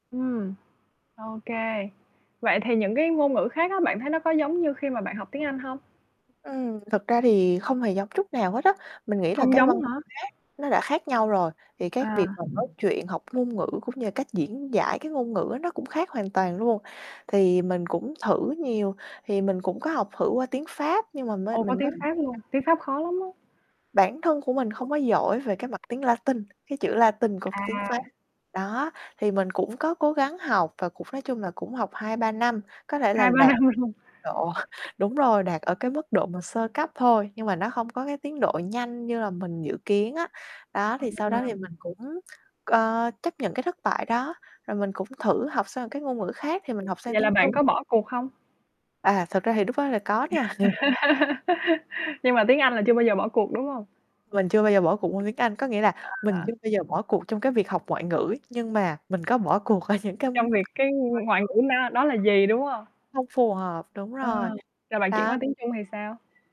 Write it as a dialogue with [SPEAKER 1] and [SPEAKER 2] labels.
[SPEAKER 1] Ừm. Ô kê. Vậy thì những cái ngôn ngữ khác á, bạn thấy nó có giống như khi mà bạn học tiếng Anh hông?
[SPEAKER 2] Ừm, thực ra thì không hề giống chút nào hết á. Mình nghĩ là
[SPEAKER 1] Không
[SPEAKER 2] cái
[SPEAKER 1] giống
[SPEAKER 2] văn
[SPEAKER 1] hả?
[SPEAKER 2] hóa nó đã khác nhau rồi, thì cái việc
[SPEAKER 1] À.
[SPEAKER 2] mà nói chuyện học ngôn ngữ cũng như cách diễn giải cái ngôn ngữ á, nó cũng khác hoàn toàn luôn. Thì mình cũng thử nhiều, thì mình cũng có học thử qua tiếng Pháp, nhưng mà mới
[SPEAKER 1] Ồ, có
[SPEAKER 2] mình mới
[SPEAKER 1] tiếng
[SPEAKER 2] [unintelligible]
[SPEAKER 1] Pháp luôn. Tiếng Pháp khó lắm á.
[SPEAKER 2] bản thân của mình không có giỏi về cái mặt tiếng Latin, cái chữ Latin của tiếng Pháp.
[SPEAKER 1] À.
[SPEAKER 2] Đó, thì mình cũng có cố gắng học và cũng nói chung là cũng học 2-3 năm, có thể là
[SPEAKER 1] 2-3
[SPEAKER 2] đạt
[SPEAKER 1] năm luôn.
[SPEAKER 2] độ đúng rồi, đạt ở cái mức độ mà sơ cấp thôi. Nhưng mà nó hông có cái tiến độ nhanh như là mình dự kiến á. Đó, thì sau
[SPEAKER 1] Ờ.
[SPEAKER 2] đó thì mình cũng, ờ, chấp nhận cái thất bại đó, rồi mình cũng thử học sang cái ngôn ngữ khác thì mình học sang
[SPEAKER 1] Vậy là
[SPEAKER 2] tiếng
[SPEAKER 1] bạn
[SPEAKER 2] Trung.
[SPEAKER 1] có bỏ cuộc hông?
[SPEAKER 2] À, thực ra thì lúc đó là có nha.
[SPEAKER 1] Nhưng mà tiếng Anh là chưa bao giờ bỏ cuộc, đúng hông?
[SPEAKER 2] Mình chưa bao giờ bỏ cuộc môn tiếng Anh. Có nghĩa là mình
[SPEAKER 1] À.
[SPEAKER 2] chưa bao giờ bỏ cuộc trong cái việc học ngoại ngữ, nhưng mà mình có bỏ cuộc ở những cái
[SPEAKER 1] Trong việc cái ngoại
[SPEAKER 2] [unintelligible]
[SPEAKER 1] ngữ nó đó là gì, đúng hông?
[SPEAKER 2] Không phù hợp. Đúng
[SPEAKER 1] Ờ,
[SPEAKER 2] rồi,
[SPEAKER 1] rồi bạn chuyển qua
[SPEAKER 2] đó.
[SPEAKER 1] tiếng Trung thì sao?